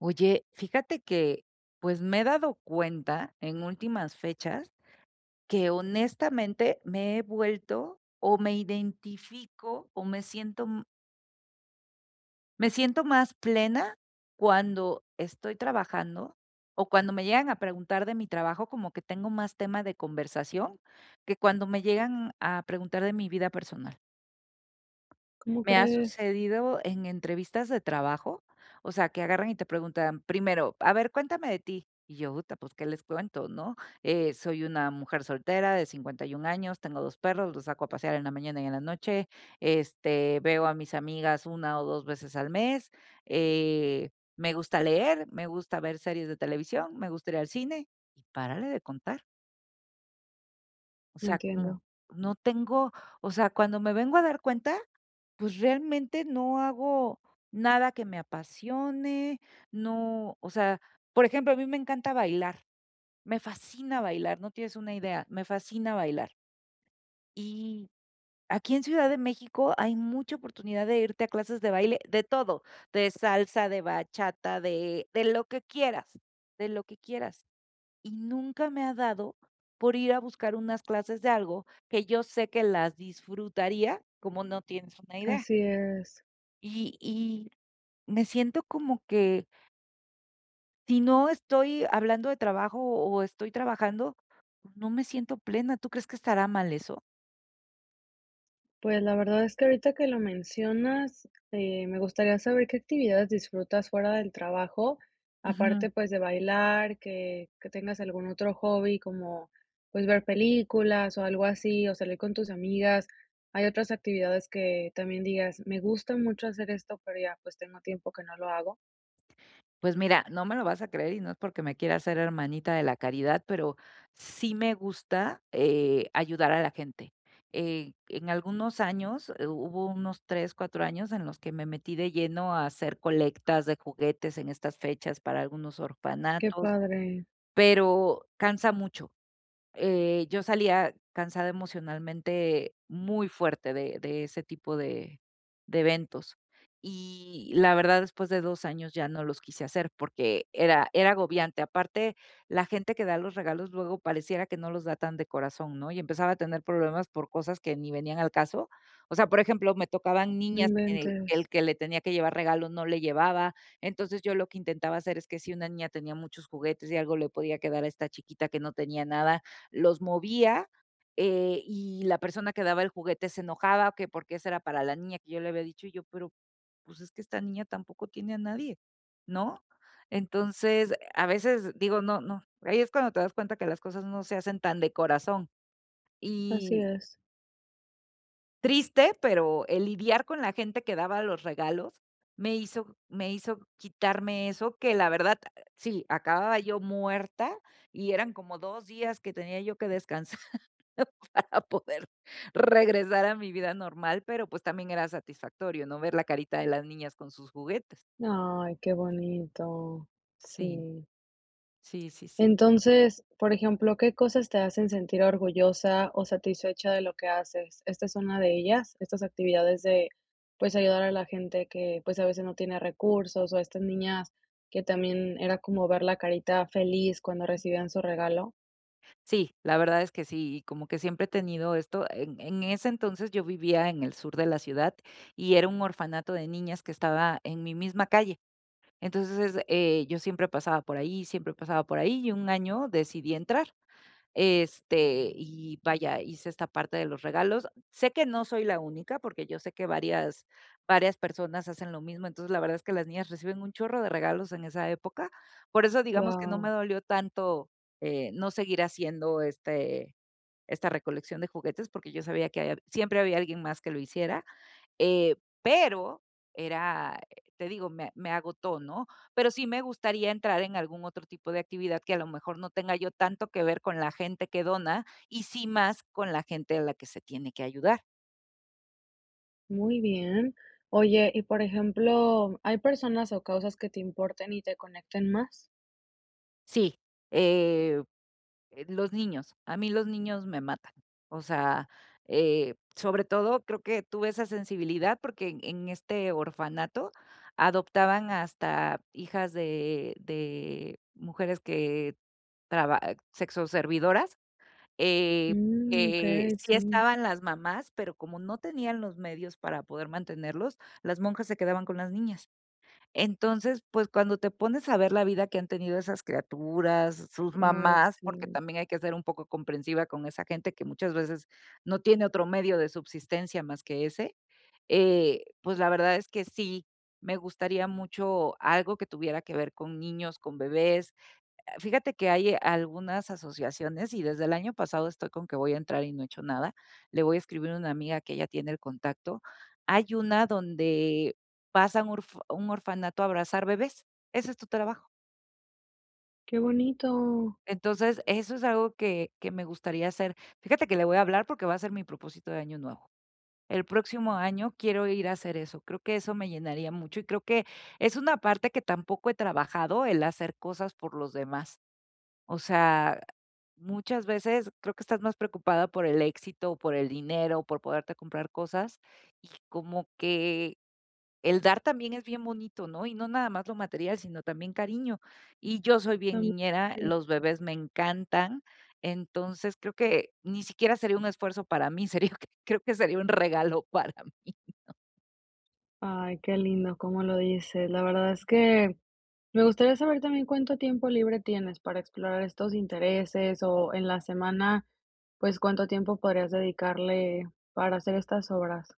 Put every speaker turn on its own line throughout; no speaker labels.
Oye, fíjate que, pues, me he dado cuenta, en últimas fechas que honestamente me he vuelto, o me identifico, o me siento m. Me siento más plena, cuando estoy trabajando, o cuando me llegan a preguntar de mi trabajo, como que tengo más tema de conversación, que cuando me llegan a preguntar de mi vida personal.
¿Cómo
Me ha
crees?
sucedido en entrevistas de trabajo, o sea, que agarran, y te preguntan, primero, a ver, cuéntame de ti. Y yo: ¡Uta!, pus, ¿qué les cuento, no?" Eh, soy una mujer soltera, de 51 años, tengo 2 perros, los saco a pasear en la mañana y en la noche. Este, veo a mis amigas una o dos veces al mes, eh, me gusta leer, me gusta ver series de televisión, me gusta ir el cine, y párale de contar. O sea, como
Entiendo.
no tengo o sea, cuando me vengo a dar cuenta, pues, realmente no hago nada, que me apasione, no, o sea, por ejemplo, a mí me encanta bailar, me fascina bailar, no tienes una idea, me fascina bailar. Y, aquí en Ciudad de México, hay mucha oportunidad de irte a clases de baile, de todo, de salsa, de bachata, de de lo que quieras, de lo que quieras. Y nunca, me ha dado por ir a buscar unas clases de algo, que yo sé que las disfrutaría como no tienes una idea.
Así es.
Y y me siento, como que. Sí no, estoy hablando de trabajo, o o estoy trabajando, no me siento plena. ¿Tú crees, que estará mal eso?
Pues, la verdad es que ahorita que lo mencionas, eh, me gustaría saber, ¿qué actividades disfrutas fuera del trabajo?,
Ujú.
aparte, pues, de bailar, que que tengas algún otro hobby como, pues, ver películas, o algo así, o salir con tus amigas. Hay otras actividades que también digas: "Me gusta mucho hacer esto", pero, ya, pues, tengo tiempo que no lo hago.
Pues mira, no me lo vas a creer y no es porque me quiera ser hermanita de la caridad, pero sí me gusta, eh, ayudar a la gente. Eh, en algunos años hu hubo unos 3, 4 años en los que me metí de lleno a hacer colectas de juguetes en estas fechas para algunos
¡Qué
orfanatos.
padre!
Pero cansa mucho. Eh, yo salía cansada emocionalmente, muy fuerte de de ese tipo de de eventos. Y la verdad, después de 2 años ya no los quise hacer, porque era era agobiante. Aparte, la gente que da los regalos luego pareciera que no los da tan de corazón, ¿no? Y empezaba a tener problemas por cosas que ni venían al caso. O sea, por ejemplo, me tocaban
No
niñas que
inventes.
el que le tenía que llevar regalo no le llevaba. Entonces, yo lo que intentaba hacer es que si una niña tenía muchos juguetes, y algo le podía quedar a esta chiquita que no tenía nada, los movía, eh, y la persona que daba el juguete se enojaba, o que por qué esa era para la niña que yo le había dicho yo, pero, pues, es que esta niña tampoco tiene a nadie, ¿no? Entonces, a veces, digo, no no. Ahí es cuando te das cuenta que las cosas no se hacen tan de corazón.
Así
Y
es.
Triste, pero el lidiar con la gente que daba los regalos me hizo me hizo quitarme eso, que la verdad, sí, acababa yo muerta y eran como 2 días que tenía yo que descansar para poder regresar a mi vida normal, pero pues también era satisfactorio, ¿no? Ver la carita de las niñas con sus juguetes.
¡Ay, qué bonito!
Sí.
Sí.
Sí, sí, sí.
Entonces, por ejemplo, ¿qué cosas te hacen sentir orgullosa o satisfecha de lo que haces? ¿Esta es una de ellas? Estas actividades de, pues, ayudar a la gente que, pues, a veces no tiene recursos, o estas niñas que también era como ver la carita feliz cuando recibían su regalo.
Sí, la verdad es que sí. Y como que siempre he tenido esto, en en ese entonces yo vivía en el sur de la ciudad y era un orfanato de niñas que estaba en mi misma calle. Entonces, eh, yo siempre pasaba por ahí, siempre pasaba por ahí y un año decidí entrar. Este, y vaya, hice esta parte de los regalos. Sé que no soy la única porque yo sé que varias varias personas hacen lo mismo. Entonces, la verdad es que las niñas reciben un chorro de regalos en esa época. Por eso, digamos que no me
Guau.
dolió tanto, eh, no seguir haciendo este esta recolección de juguetes, porque yo sabía que ahí hab siempre había alguien más que lo hiciera. Eh, pero, era, eh, te digo, me me agotó, ¿no? Pero sí me gustaría entrar en algún otro tipo de actividad que a lo mejor no tenga yo tanto que ver con la gente que dona y sí más con la gente a la que se tiene que ayudar.
Muy bien. Oye, y, por ejemplo, ¿hay personas o causas que te importen y te conecten más?
Sí, em, eh, los niños. A mí los niños me matan. O sea, eh, sobre todo, creo que tuve esa sensibilidad, porque en en este orfanato adoptaban hasta hijas de de mujeres que traba sexo servidoras. Eh,
Mm,
que
okey,
sí
sí.
estaban las mamás, pero como no tenían los medios para poder mantenerlos, las monjas se quedaban con las niñas. Entonces, pues, cuando te pones a ver la vida que han tenido esas criaturas, sus
Ay,
mamás, porque
sí.
también hay que ser un poco comprensiva con esa gente que muchas veces no tiene otro medio de subsistencia más que ese. Eh, pues, la verdad es que sí, me gustaría mucho algo que tuviera que ver con niños, con bebés. Ah, fíjate que hay algunas asociaciones y desde el año pasado estoy con que voy a entrar y no he hecho nada. Le voy a escribir a una amiga que ella tiene el contacto. Hay una donde pasan urf un orfanato a abrazar bebés. Ese es tu trabajo.
¡Qué bonito!
Entonces, eso es algo que que me gustaría hacer. Fíjate que le voy a hablar porque va a ser mi propósito de año nuevo. El próximo año quiero ir a hacer eso. Creo que eso me llenaría mucho y creo que es una parte que tampoco he trabajado, el hacer cosas por los demás. O sea, muchas veces creo que estás más preocupada por el éxito, por el dinero, por poderte comprar cosas, y como que el dar también es bien bonito, ¿no? Y no nada más lo material, sino también cariño. Y yo soy bien
Tan sí,
niñera, los
cierto.
bebés me encantan. Entonces, creo que ni siquiera sería un esfuerzo para mí, sería creo que sería un regalo para mí, ¿no?
Ay, qué lindo cómo lo dices. La verdad, es que me gustaría saber también, ¿cuánto tiempo libre tienes para explorar estos intereses? O en la semana, pues, ¿cuánto tiempo podrías dedicarle, para hacer estas obras?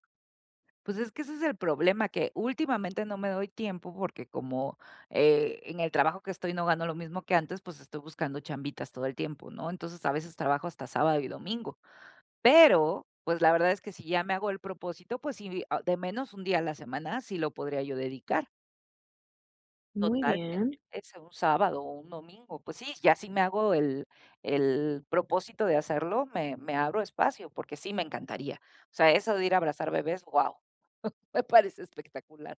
Pues, es que ese es el problema, que últimamente no me doy tiempo, porque, como, eh, en el trabajo que estoy, no gano lo mismo que antes, pues, estoy buscando chambitas todo el tiempo, ¿no? Entonces, a veces trabajo hasta sábado, y domingo. Pero, pues, la verdad es que si ya me hago el propósito, pues sí, ah, de menos 1 día a la semana, sí lo podría yo dedicar.
Muy
Totalmente,
bien.
ese, un sábado, o un domingo. Pues sí, ya si me hago el el propósito de hacerlo, me me abro espacio, porque, sí me encantaría. O sea, eso de ir a abrazar bebés, wao, me parece espectacular.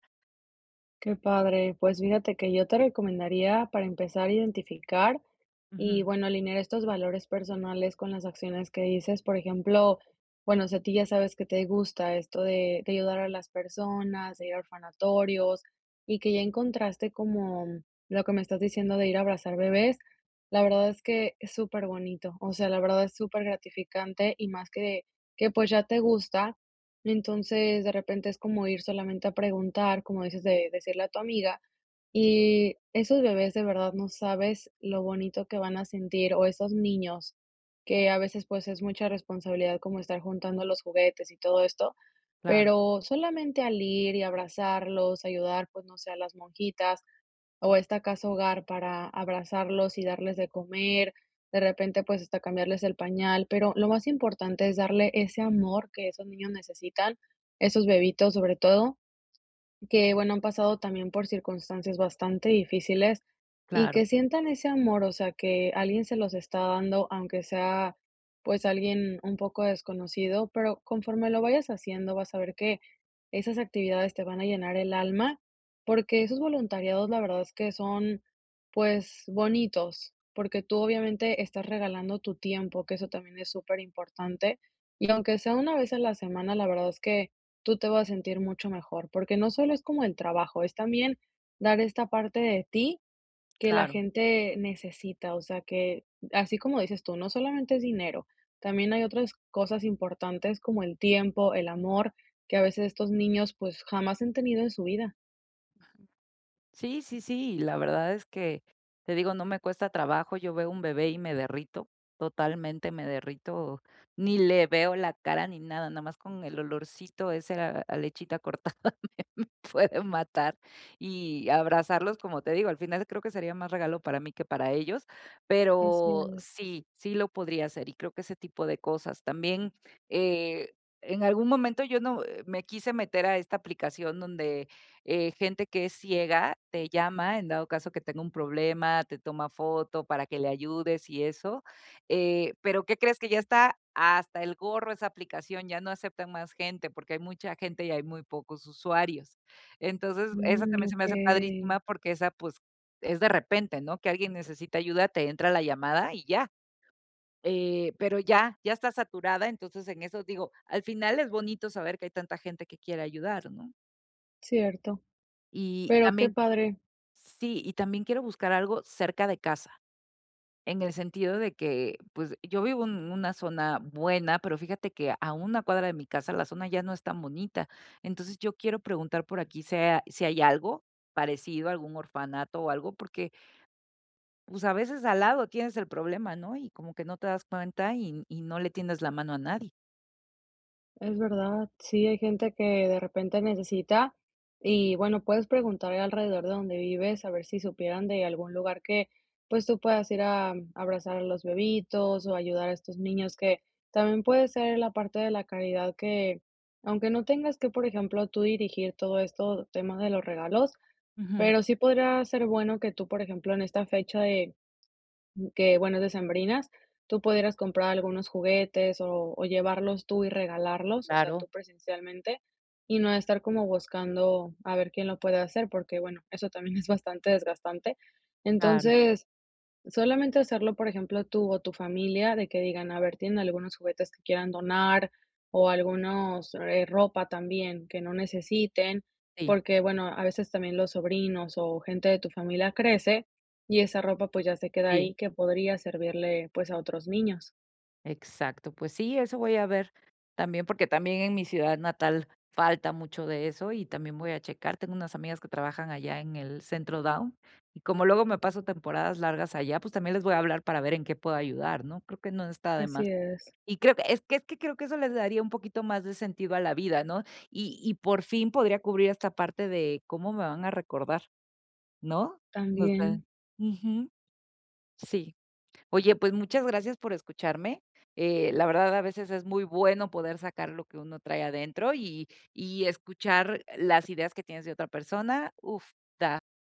Qué padre. Pues, fíjate que yo te recomendaría, para empezar a identificar, y
Ujú.
bueno alinear estos valores personales, con las acciones que dices. Por ejemplo, bueno, si a ti ya sabes que te gusta, esto de de ayudar a las personas, de ir a orfanatorios, y que ya encontraste, como lo que me estás diciendo de ir a abrazar bebés, la verdad es que es súper bonito. O sea, la verdad es súper gratificante, y más que que, pues, ya te gusta. Entonces, de repente es como ir solamente a preguntar, como dices de decirle a tu amiga, y esos bebés, de verdad no sabes lo bonito que van a sentir, o esos niños, que a veces, pues, es mucha responsabilidad como estar juntando los juguetes, y todo esto,
Claro.
pero solamente al ir, y abrazarlos, ayudar, pues, no sé, a las monjitas, o esta casa hogar, para abrazarlos, y darles de comer. De repente, pues, hasta cambiarles el pañal, pero, lo más importante es darle ese amor, que esos niños necesitan, esos bebitos, sobre todo. Que bueno, han pasado también por circunstancias, bastante difíciles, y
Claro.
que sientan ese amor, o sea, que alguien se los está dando, aunque sea, pues, alguien un poco desconocido, pero conforme lo vayas haciendo, vas a ver que esas actividades te van a llenar el alma, porque, esos voluntariados, la verdad es que son, pues, bonitos, porque, tú obviamente estás regalando tu tiempo, que eso también es súper importante. Y aunque sea una vez a la semana, la verdad, es que tú te vas a sentir mucho mejor, porque, no solo es como el trabajo, es también dar esta parte de ti, que la
Claro.
gente necesita, o sea que Así como dices tú, no solamente es dinero, también, hay otras cosas importantes como el tiempo, el amor, que a veces estos niños, pues, jamás han tenido en su vida.
Sí, sí, sí, la verdad es que, te digo, no me cuesta trabajo. Yo veo un bebé y me derrito, totalmente, me derrito, ni le veo la cara ni nada. Nada más con el olorcito ese a a lechita cortada, me me puede matar y abrazarlos, como te digo. Al final, creo que sería más regalo para mí, que para ellos,
Así
pero
es.
sí, sí lo podría hacer y creo que ese tipo de cosas. También, eh, en algún momento yo no, eh, me quise meter a esta aplicación donde, eh, gente que es ciega te llama, en dado caso que tenga un problema, te toma foto para que le ayudes y eso, eh, pero, ¿qué crees?, que ya está hasta el gorro esa aplicación, ya no aceptan más gente, porque hay mucha gente y hay muy pocos usuarios. Entonces, eso
Mm,
también se me hace
okey.
padrísima porque esa, pues, es de repente, ¿no?, que alguien necesita ayuda, te entra la llamada y ya, eh, pero ya, ya está saturada. Entonces, en eso, digo, al final es bonito saber que hay tanta gente que quiere ayudar, ¿no?
Cierto.
Y
Pero, qué
también
padre.
Sí, y también quiero buscar algo cerca de casa. En el sentido de que, pues, yo vivo en una zona buena, pero fíjate que, a una cuadra de mi casa la zona ya no es tan bonita. Entonces, yo quiero preguntar por aquí se a si hay algo, parecido algún orfanato o algo, porque pues, a veces al lado tienes el problema, ¿no?, y como que no te das cuenta, y y no le tiendes la mano a nadie.
Es verdad. Sí, hay gente que de repente necesita. Y bueno, puedes preguntar alrededor de donde vives a ver si supieran de algún lugar que, pues, tú puedas ir a abrazar a los bebitos, o ayudar a estos niños que, también puede ser la parte de la caridad que, aunque no tengas que, por ejemplo, tú dirigir todo esto, tema de los regalos,
Ujú.
pero, sí podría ser bueno que tú, por ejemplo, en esta fecha de, que bueno decembrinas, tú pudieras comprar algunos juguetes, o o llevarlos tú y regalarlos, o sea,
Claro.
tú presencialmente, y no estar como buscando a ver quién lo puede hacer, porque bueno, eso también es bastante desgastante.
Claro.
Entonces, solamente hacerlo, por ejemplo, tú, o tu familia, de que digan, a ver: "Tienen algunos juguetes que quieran donar, o algunos eh, ropa también que no necesiten",
Sí.
porque, bueno, a veces también los sobrinos o gente de tu familia crece y esa ropa, pues, ya se queda
Sí.
ahí que podría servirle, pues, a otros niños.
Exacto. Pues sí, eso voy a ver, también, porque también en mi ciudad natal falta mucho de eso y también voy a checar. Tengo unas amigas que trabajan allá en el Centro Down, y como luego me paso temporadas largas allá, pues, también les voy a hablar para ver en qué puedo ayudar, ¿no? Creo que no está de más.
Así es.
Y creo que es que es que, creo que eso les daría un poquito más de sentido a la vida, ¿no?, y y por fin, podría cubrir esta parte de cómo me van a recordar, ¿no?, no sé.
También.
Ujú. Sí. Oye, pues muchas gracias por escucharme. Eh, la verdad a veces es muy bueno poder sacar lo que uno trae adentro, y y escuchar las ideas que tienes de otra persona. Uf, da